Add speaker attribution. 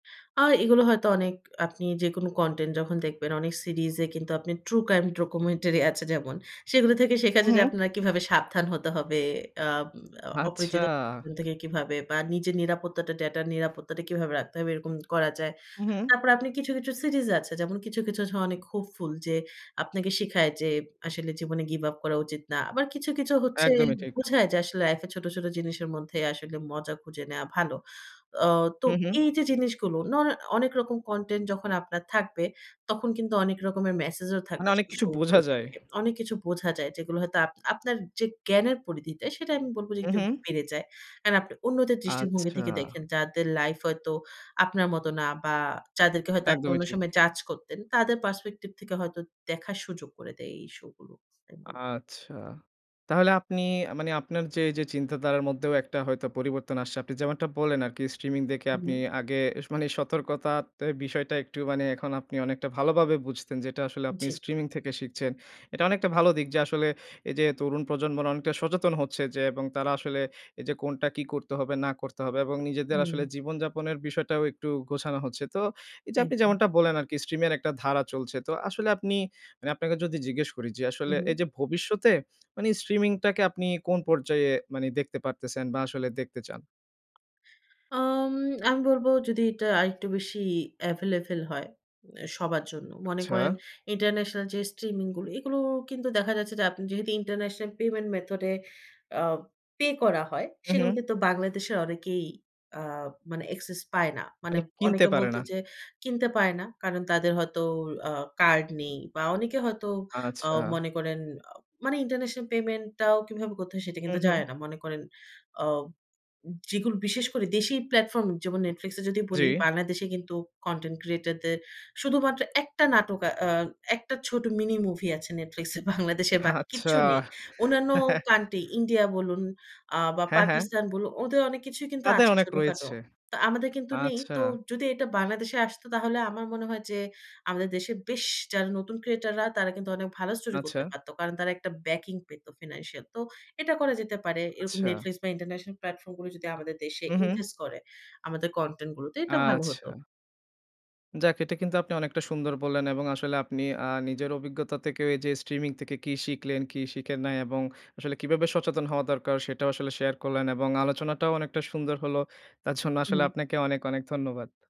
Speaker 1: আর এগুলো হয়তো অনেক আপনি যেকোনো কনটেন্ট যখন দেখবেন অনেক সিরিজে কিন্তু আপনি ট্রু ক্রাইম ডকুমেন্টারি আছে। যেমন, সেগুলো থেকে শেখা যায় যে
Speaker 2: উহু।
Speaker 1: আপনার কিভাবে সাবধান হতে হবে। অ্যাম অ
Speaker 2: আচ্ছা।
Speaker 1: অপরিচিত [unintelligible] থেকে কিভাবে বা নিজের নিরাপত্তাটা ডেটার নিরাপত্তাটা কিভাবে রাখতে হবে এরকম করা যায়।
Speaker 2: উহুম।
Speaker 1: তারপর আপনি কিছু, কিছু সিরিজ আছে যেমন কিছু, কিছু আছে অনেক হোপফুল যে আপনাকে শিখায় যে আসলে জীবনে গিভ আপ করা উচিত না। আবার কিছু, কিছু হচ্ছে
Speaker 2: একদমই ঠিক।
Speaker 1: বোঝায় যে আসলে লাইফে ছোট, ছোট জিনিসের মধ্যে আসলে মজা খুঁজে নেয়া ভালো। অ তো
Speaker 2: হু, হু।
Speaker 1: এই যে জিনিসগুলো নন অনেক রকম কনটেন্ট যখন আপনার থাকবে তখন কিন্তু অনেক রকমের মেসেজও
Speaker 2: মানে
Speaker 1: থাকবে
Speaker 2: অনেক
Speaker 1: সেই
Speaker 2: কিছু
Speaker 1: শো গুলো
Speaker 2: বোঝা যায়।
Speaker 1: থেকে। অনেক কিছু বোঝা যায় যেগুলো হয়তো আপনা আপনার যে জ্ঞানের পরিধিটা সেটা আমি বলব যে একটু
Speaker 2: উহু।
Speaker 1: বেড়ে যায়। কারণ আপনি অন্যদের দৃষ্টিভঙ্গি
Speaker 2: আচ্ছা।
Speaker 1: থেকে দেখেন যাদের লাইফ হয়তো আপনার মত না বা যাদেরকে হয়তো আপনি
Speaker 2: একদমই
Speaker 1: অন্য
Speaker 2: ঠিক।
Speaker 1: সময় জাজ করতেন তাদের পার্সপেক্টিভ থেকে হয়তো দেখার সুযোগ করে দেয় এই শো গুলো। তাই বল
Speaker 2: আচ্ছা। তাহলে আপনি আ মানে, আপনার যে এই যে চিন্তাধারার মধ্যেও একটা হয়তো পরিবর্তন আসছে। আপনি যেমনটা বললেন আরকি স্ট্রিমিং দেখে
Speaker 1: হুম,
Speaker 2: আপনি
Speaker 1: হুম।
Speaker 2: আগে স মানে সতর্কতাতে বিষয়টা একটু মানে এখন আপনি অনেকটা ভালোভাবে বুঝতেন যে এটা আসলে আপনি
Speaker 1: জি।
Speaker 2: স্ট্রিমিং থেকে শিখছেন। এটা অনেকটা ভালো দিক যে আসলে এই যে তরুণ প্রজন্মরা অনেকটা সচেতন হচ্ছে। যে এবং তারা আসলে এই যে কোনটা কি করতে হবে না করতে হবে এবং নিজেদের
Speaker 1: হুম।
Speaker 2: আসলে জীবনযাপনের বিষয়টাও একটু গোছানো হচ্ছে। তো এই যে আপনি
Speaker 1: একদম।
Speaker 2: যেমনটা বলেন আরকি স্ট্রিমের একটা ধারা চলছে। তো আসলে আপনি আমি আপনাকে যদি জিজ্ঞেস করি যে আসলে এই
Speaker 1: উহু।
Speaker 2: যে ভবিষ্যতে মানে স্ট্রিমিং টাকে আপনি কোন পর্যায়ে মানে দেখতে পারতেছেন বা আসলে দেখতে চান?
Speaker 1: আম আমি বলব যদি এটা আরেকটু বেশি এভেইলেবল হয়। এ সবার জন্য। মনে
Speaker 2: আচ্ছা।
Speaker 1: করেন ইন্টারন্যাশনাল যে স্ট্রিমিং গুলো এগুলো কিন্তু দেখা যাচ্ছে যে আপনি যেহেতু ইন্টারন্যাশনাল পেমেন্ট মেথডে আ পে করা হয়
Speaker 2: হু,
Speaker 1: সেগুলো
Speaker 2: হু।
Speaker 1: কিন্তু বাংলাদেশের অনেকেই আ মানে অ্যাক্সেস পায় না। মানে
Speaker 2: মানে, কিনতে
Speaker 1: অনেকে
Speaker 2: পারে
Speaker 1: বলতে
Speaker 2: না।
Speaker 1: যে কিনতে পায় না। কারণ তাদের হয়তো আ কার্ড নেই বা অনেকে হয়তো অ
Speaker 2: আচ্ছা।
Speaker 1: মনে করেন মানে ইন্টারন্যাশনাল পেমেন্ট টাও কিভাবে করতে হয় সেটা
Speaker 2: হু,
Speaker 1: কিন্তু জানে
Speaker 2: হু।
Speaker 1: না। মনে করেন অ যেগুলো বিশেষ করে দেশী প্লাটফর্ম যেমন Netflix এ যদি বলি
Speaker 2: জি।
Speaker 1: বাংলাদেশে কিন্তু কনটেন্ট ক্রিয়েটর দের শুধুমাত্র একটা নাটক অ্যা একটা ছোট মিনি মুভি আছে Netflix এ বাংলাদেশের বাকি
Speaker 2: আচ্ছা।
Speaker 1: কিচ্ছু নেই। অন্যান্য কান্ট্রি ইন্ডিয়া বলুন আ বা
Speaker 2: হ্যাঁ, হ্যাঁ।
Speaker 1: পাকিস্তান বলুন, ওদের অনেক কিছুই কিন্তু
Speaker 2: তাদের
Speaker 1: আছে
Speaker 2: অনেক
Speaker 1: ছোটখাটো।
Speaker 2: রয়েছে।
Speaker 1: তো আমাদের কিন্তু নেই।
Speaker 2: আচ্ছা।
Speaker 1: তো যদি এটা বাংলাদেশে আসত তাহলে আমার মনে হয় যে আমাদের দেশে বেশ যারা নতুন ক্রিয়েটর রা তারা কিন্তু অনেক ভালো স্টোরি করতে
Speaker 2: আচ্ছা।
Speaker 1: পারত। কারণ তারা একটা ব্যাকিং পেত ফিন্যান্সিয়াল। তো এটা করা যেতে পারে। এরকম
Speaker 2: আচ্ছা।
Speaker 1: নেটফ্লিক্স বা ইন্টারন্যাশনাল প্ল্যাটফর্ম গুলো যদি আমাদের দেশে
Speaker 2: হু, হু।
Speaker 1: ইনভেস্ট করে আমাদের কনটেন্ট গুলোতে এটা ভালো হত।
Speaker 2: আচ্ছা। যাক, এটা কিন্তু আপনি অনেকটা সুন্দর বললেন এবং আসলে আপনি আ নিজের অভিজ্ঞতা থেকেও এই যে স্ট্রিমিং থেকে কি শিখলেন, কি শিখেন নাই এবং আসলে কিভাবে সচেতন হওয়া দরকার সেটাও আসলে শেয়ার করলেন। এবং আলোচনাটাও অনেকটা সুন্দর হলো। তার জন্য আসলে
Speaker 1: উহুম।
Speaker 2: আপনাকে অনেক, অনেক ধন্যবাদ।